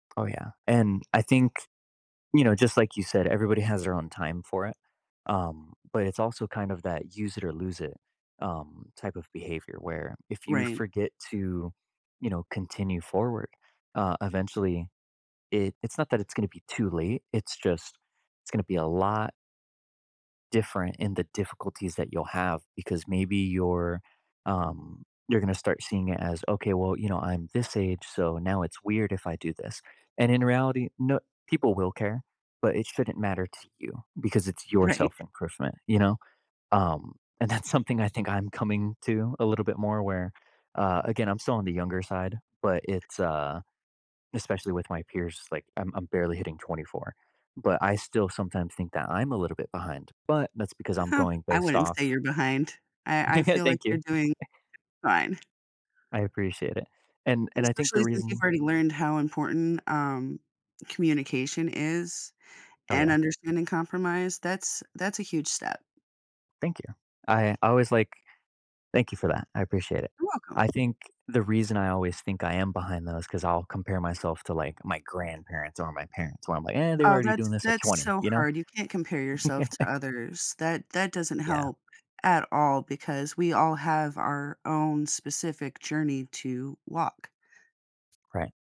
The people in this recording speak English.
Oh, yeah, and I think, you know, just, like, you said, everybody has their own time for it. Um, but it's also kind of that use it or lose it, um, type of behavior where if you Right. forget to, you know, continue forward, uh, eventually, it it's not that it's gonna be too late, it's just it's gonna be a lot different in the difficulties that you'll have because maybe you're, um you're gonna start seeing it as, okay, "Well, you know, I'm this age, so now it's weird if I do this," and in reality, no people will care, but it shouldn't matter to you, because it's your Right. self improvement. You know? Um, and that's something I think I'm coming to a little bit more where, uh, again, I'm still on the younger side, but it's, uh, especially with my peers, it's like, I'm I'm barely hitting 24. But I still sometimes think that I'm a little bit behind, but that's because I'm Uh, going I based wouldn't off say you're behind. I I feel like Thank you. you're doing fine. I appreciate it. And And and I think the especially since you've reason already learned how important, um, communication is Oh, and yeah. understanding compromise, that's that's a huge step. Thank you. I always, like thank you for that. I appreciate it. You're welcome. I think the reason I always think I am behind those 'cause I'll compare myself to, like, my grandparents or my parents where I'm, like, "Eh, they were Oh, already that's doing this at that's 20." so You know? hard. You can't compare yourself to others. That that doesn't Yeah. help at all because we all have our own specific journey to walk. Right.